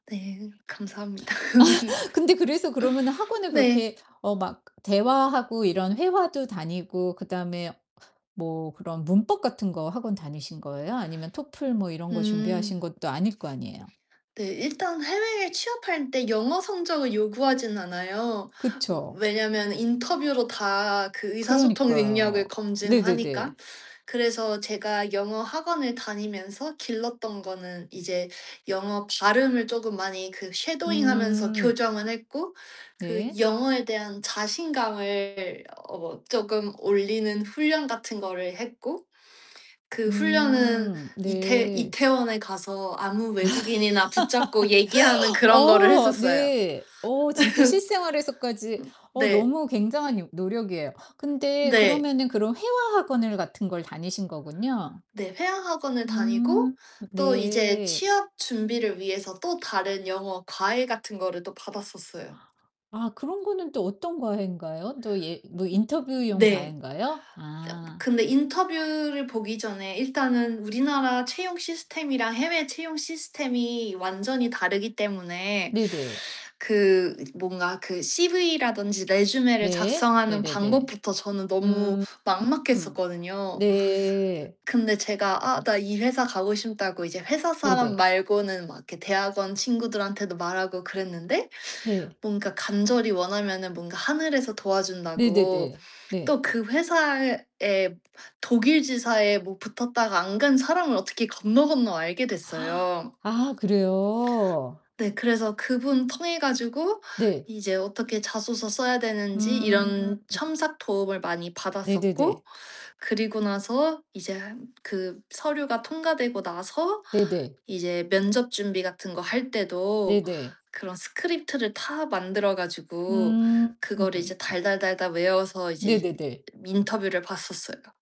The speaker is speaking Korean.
네. 감사합니다. 근데 그래서 그러면은 학원을 네. 그렇게 어 막 대화하고 이런 회화도 다니고 그다음에 뭐 그런 문법 같은 거 학원 다니신 거예요? 아니면 토플 뭐 이런 거 음. 준비하신 것도 아닐 거 아니에요. 네. 일단 해외에 취업할 때 영어 성적을 요구하지는 않아요. 그쵸. 왜냐면 인터뷰로 다 그 의사소통 능력을 그러니까요. 네네네. 검증하니까. 그래서 제가 영어 학원을 다니면서 길렀던 거는 이제 영어 발음을 쪼금 많이 그 쉐도잉하면서 음. 교정을 했고 그 네. 영어에 대한 자신감을 어 쪼금 올리는 훈련 같은 거를 했고 그 훈련은 음. 이태 네. 이태원에 가서 아무 외국인이나 붙잡고 얘기하는 그런 거를 어. 했었어요. 네. 어 진짜 실생활에서까지 음. 어 네. 너무 굉장한 요 노력이에요. 근데 네. 그러면은 그럼 회화 학원을 같은 걸 다니신 거군요. 네. 회화 학원을 다니고 음. 또 이제 네. 취업 준비를 위해서 또 다른 영어 과외 같은 거를 또 받았었어요. 아 그런 거는 또 어떤 과외인가요? 또 예 뭐 음. 인터뷰용 네. 저 과외인가요? 아. 근데 인터뷰를 보기 전에 일단은 우리나라 채용 시스템이랑 해외 채용 시스템이 완전히 다르기 때문에 네네. 그 뭔가 그 CV라든지 resume를 네. 작성하는 네네네. 방법부터 저는 너무 음 막막했었거든요. 네. 근데 제가 아 나 이 회사 가고 싶다고 이제 회사 사람 네네. 말고는 막 이렇게 대학원 친구들한테도 말하고 그랬는데 네. 뭔가 간절히 원하면은 뭔가 하늘에서 도와준다고 네네네. 네. 또 그 회사에 독일 지사에 뭐 붙었다가 안 간 사람을 어떻게 건너건너 알게 됐어요. 아, 그래요? 네. 그래서 그분 통해 가지고 네. 이제 어떻게 자소서 써야 되는지 음. 이런 첨삭 도움을 많이 네네네. 받았었고 그리고 나서 이제 그 서류가 통과되고 나서 네네. 이제 면접 준비 같은 거 할 때도 네네. 그런 스크립트를 다 만들어 가지고 음. 그거를 이제 달달달달 외워서 이제 네네네. 인터뷰를 봤었어요.